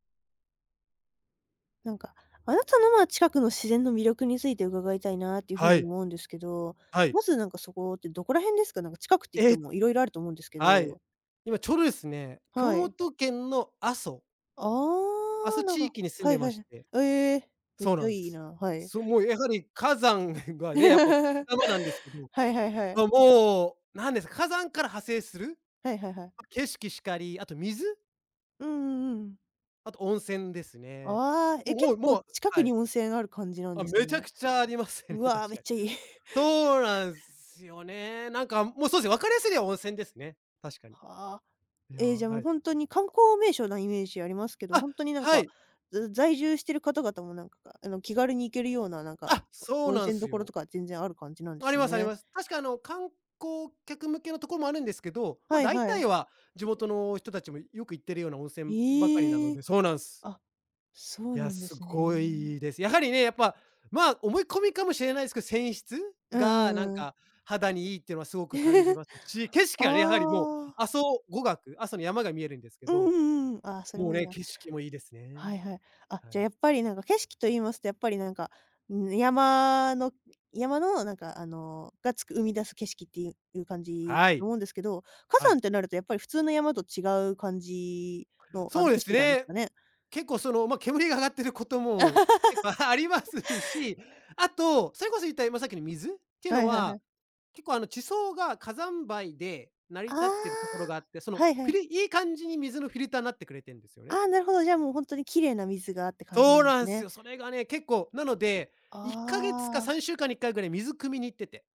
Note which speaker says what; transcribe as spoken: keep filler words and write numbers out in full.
Speaker 1: なんか、あなたの、まあ、近くの自然の魅力について伺いたいなっていう風
Speaker 2: は
Speaker 1: に
Speaker 2: い。
Speaker 1: 思うんですけど、
Speaker 2: は
Speaker 1: ま
Speaker 2: い。
Speaker 1: ず、なんか、そこってどこら辺ですか？なんか近くって言って
Speaker 2: え！
Speaker 1: も色々あると思うんですけ
Speaker 2: はい、
Speaker 1: ど。
Speaker 2: 今ちょうどですね、熊
Speaker 1: はい。
Speaker 2: 本県の阿蘇。
Speaker 1: あ
Speaker 2: 阿
Speaker 1: あ、
Speaker 2: 蘇
Speaker 1: なん
Speaker 2: 地
Speaker 1: か
Speaker 2: 域に住ん
Speaker 1: は
Speaker 2: で
Speaker 1: いは
Speaker 2: ま
Speaker 1: いは
Speaker 2: し
Speaker 1: い。
Speaker 2: て。
Speaker 1: ええ、めっ
Speaker 2: そう
Speaker 1: ち
Speaker 2: な
Speaker 1: ゃ
Speaker 2: ん
Speaker 1: いい
Speaker 2: す。
Speaker 1: な、はい。
Speaker 2: そう、もうやはり火山がね、やっぱ、山なんですけど、
Speaker 1: はいはいはい。
Speaker 2: ま、もう、なんです火山から派生する、
Speaker 1: はいはいはい。
Speaker 2: ま、景色しかり、あと水
Speaker 1: うんうんうん。
Speaker 2: あと温泉ですね。
Speaker 1: あ、ああ、え、
Speaker 2: も、
Speaker 1: 結
Speaker 2: おお、
Speaker 1: 構
Speaker 2: もう
Speaker 1: 近く
Speaker 2: は
Speaker 1: に
Speaker 2: い。
Speaker 1: 温泉ある感じなん
Speaker 2: あ、
Speaker 1: です
Speaker 2: めちゃ
Speaker 1: ね。
Speaker 2: くちゃありますね、
Speaker 1: う
Speaker 2: 確かに。
Speaker 1: わ、めっちゃいい。
Speaker 2: そうなんすよね。なんか、もうそうすね、わかりやすいのは温泉ですね。確かに。
Speaker 1: はあ。
Speaker 2: いや、
Speaker 1: ええ、じゃ、
Speaker 2: は
Speaker 1: も、
Speaker 2: い。
Speaker 1: ほんとに観光名所なイメージありますけど、
Speaker 2: あ、
Speaker 1: ほんとになん
Speaker 2: は
Speaker 1: か、
Speaker 2: い。
Speaker 1: ず在住してる方々もなんか、あの、気軽に行けるような、なんか、
Speaker 2: あ、そう
Speaker 1: 温
Speaker 2: なん
Speaker 1: 泉
Speaker 2: す
Speaker 1: 処
Speaker 2: よ。
Speaker 1: とか全然ある感じなんで
Speaker 2: あり
Speaker 1: す
Speaker 2: ますあり
Speaker 1: ね。
Speaker 2: ます。確か、あの、観光客向けのとこもあるんですけど、ま、
Speaker 1: はい
Speaker 2: だい
Speaker 1: は
Speaker 2: たい
Speaker 1: い。
Speaker 2: は、地元の人たちもよく行っているような温泉ばかりな
Speaker 1: へ
Speaker 2: の
Speaker 1: え。
Speaker 2: でそうなんす。
Speaker 1: あ、そ
Speaker 2: い
Speaker 1: う
Speaker 2: や、
Speaker 1: なんで
Speaker 2: す
Speaker 1: す
Speaker 2: ご
Speaker 1: ね。
Speaker 2: いいです。やはりね、やっぱ、まあ、思い込みかもしれないすけ泉質
Speaker 1: う
Speaker 2: が
Speaker 1: んう
Speaker 2: なん
Speaker 1: んうん。
Speaker 2: か肌にいいってはすごく感じますし、景色
Speaker 1: あ
Speaker 2: がね、やはりもう
Speaker 1: あ。
Speaker 2: 阿蘇五岳阿蘇の山が見えるんですけ
Speaker 1: うん
Speaker 2: ど、
Speaker 1: うんうん、ああ、それ
Speaker 2: もう
Speaker 1: もいい
Speaker 2: ね、
Speaker 1: な。
Speaker 2: 景色もいいですね。
Speaker 1: はいはい。あ、
Speaker 2: は
Speaker 1: じゃ、
Speaker 2: い。
Speaker 1: やっぱりなんか、景色と言いますと、やっぱりなんか、うーん、山の山のなんか、あのが、つく生み出す景色っていういう感じ
Speaker 2: は
Speaker 1: と
Speaker 2: い。
Speaker 1: 思うんですけど、火
Speaker 2: は
Speaker 1: 山
Speaker 2: い。
Speaker 1: ってなるとやっぱり普通の山と違う感じの、あ
Speaker 2: そ
Speaker 1: の、
Speaker 2: うで
Speaker 1: 景
Speaker 2: す
Speaker 1: 色なんです
Speaker 2: ね。
Speaker 1: かね？
Speaker 2: 結構、その、ま、煙が上がっていることも結構ありま すし、あと、それこそ、言った今さっきの、水っていう
Speaker 1: は
Speaker 2: の
Speaker 1: いはいは
Speaker 2: は、
Speaker 1: い。
Speaker 2: 結構、あの、地層が火山灰で成り
Speaker 1: あ
Speaker 2: 立ってるところ
Speaker 1: あ、
Speaker 2: があって、その、
Speaker 1: はいは
Speaker 2: フィ
Speaker 1: い。
Speaker 2: ルいい感じに水のフィルターなってくれてんすよね。
Speaker 1: ああ、なるほど。じゃあ、もう、ほんとに綺麗な水が、って感じな
Speaker 2: そう
Speaker 1: んで
Speaker 2: な
Speaker 1: す
Speaker 2: んす
Speaker 1: ね。
Speaker 2: よ。それがね、結構なので、
Speaker 1: あ
Speaker 2: いっかげつ
Speaker 1: ああ
Speaker 2: か
Speaker 1: あ、あ。
Speaker 2: さんしゅうかんにいっかいぐらい水汲みに行ってて